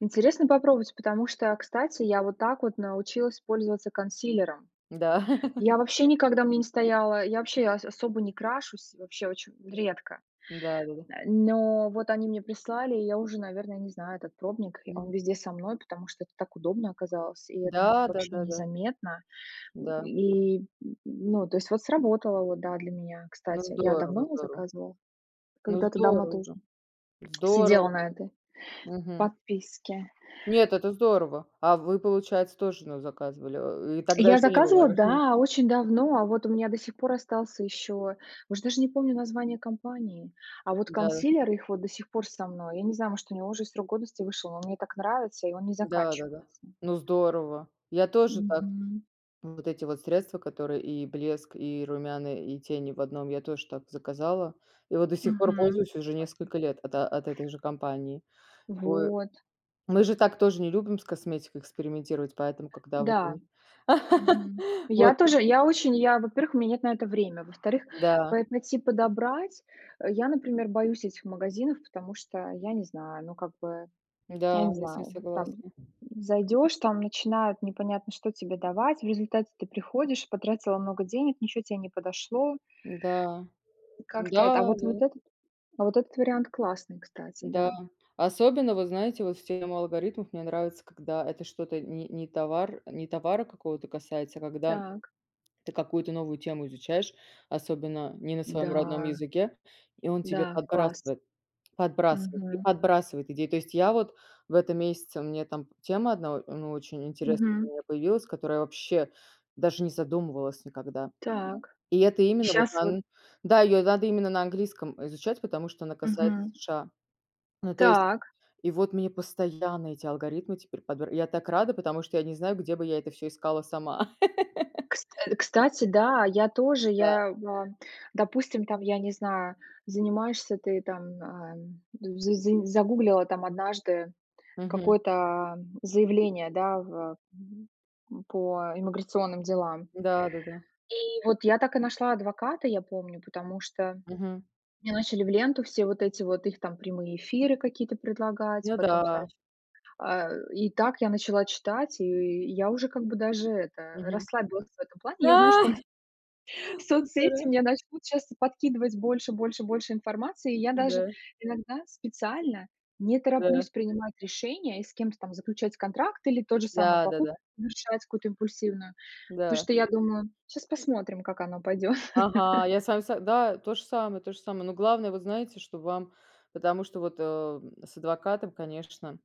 Интересно попробовать, потому что, кстати, я вот так вот научилась пользоваться консилером. Да. Я вообще никогда у мя не стояла. Я вообще а ас особо не крашусь, вообще оче редко. Да-да-да. Э, но вот, они мне прислали, и я уже, наверно, не знаю. Этот пробник. Он М. везде со мной, потому что это так удобно оказалось, и это н Да, вообще да-да-да. незаметно. Да. И, н ну, то есть вот сработало, вот да, для меня, Ну, кстати, я здорово, давно здорово. заказывала. Ну, Когда-то давно здорово тоже же. сидела Здорово. на этой Мгм. подписке. Нет, это здорово. А вы, получается, тож назаказывали, э, ы тогда Я ещё не было заказывала разрешений. да, очень давно, а вот у меня до сих пор остался еще. Уж даже не помню название компании, а вот Да-да. консилер их вот до сих пор со мной. Я не знаю, может, у него уже с срок годности вышел, но мне так нравится и он не Да-да-да. заканчивается. Ну, здорово. Я тоже так Мгм. вот эти вот средства, которые и блеск, и румяна, и тени в одном, я тож так заказала, и вот до сих пор Мгм. пользуюсь уже Классно. несколько лет от от этой же компании. Вы Вот. мы же так тоже не любим с косметикой экспериментировать, поэтому когда вот Да. вы Мгм. Вот. Я тоже я очень я во-первых, у мя нет на это время. Во-вторых, Да. поэт найти, подобрать. Э, я, например, боюсь этих магазинов, потому что я не знаю, ну, как бы, я Да, не я с ним знаю, там, м, согласна. зайдешь, там начинают непонятно что тебе давать, в результате ты приходишь, потратила много денег, ничего те не подошло. Да. Да, Как-то это а вот, да. вот этот а вот этот вариант классный, кстати. Да, Да. особенно, вот знаете, вот в тему алгоритмов мне нравится, когда это что-то не не товар не товара какого-то касается, а когда Так. ты какую-то новую тему изучаешь, особенно не на своём родном Да. языке, и он тебе Да, класс. подбрасывает, подбрасывает и Мгм. подбрасывает идеи. То есть я вот в этом месяце мне там тема одна, а, ну очень интересная для Мгм. меня появилась, которая, вообще, даже не задумывалась никогда. Так, И это и именно, вот щас вот дан да, ее надо именно на английском, э, изучать, потому что она касается Мгм. США. Ну, то есть Так. и вот мне постоянно эти алгоритмы теперь подбир я так рада, потому что я не знаю, где бы я это всё искала сама. Кст кстати, да, я тоже. Да. Я, а, допустим, там, я не знаю, занимаешься ты там, ам, д з зы загуглила там однажды Мгм. какое-то заявление, да, в м, по иммиграционным делам. Да, да-да. И вот я так и нашла адвоката, я помню, потому что, Мгм. мне начали в ленту все вот эти вот их там прямые эфиры какие-то предлагать. Ну Потом, да. значит, а, и так я начала читать, и я уже как бы даже это, Мгм. расслабилась в этом плане. А Я знаю, что соцсети здорово! мне начнут щас подкидывать больше, больше, больше информации. И я даже Да. иногда специально не Да. тороплюсь принимать решения, и с кем-то там заключать контракт, или тот же самое покупку Да-да-да. совершать какую-то импульсивную. Да. Потому что я думаю: "Щас посмотрим, как оно пойдёт". Ага, я с вами сог да, то же самое то же самое, но главное, вы знаете, что вам потому что вот, э, м, с адвокатом, конечно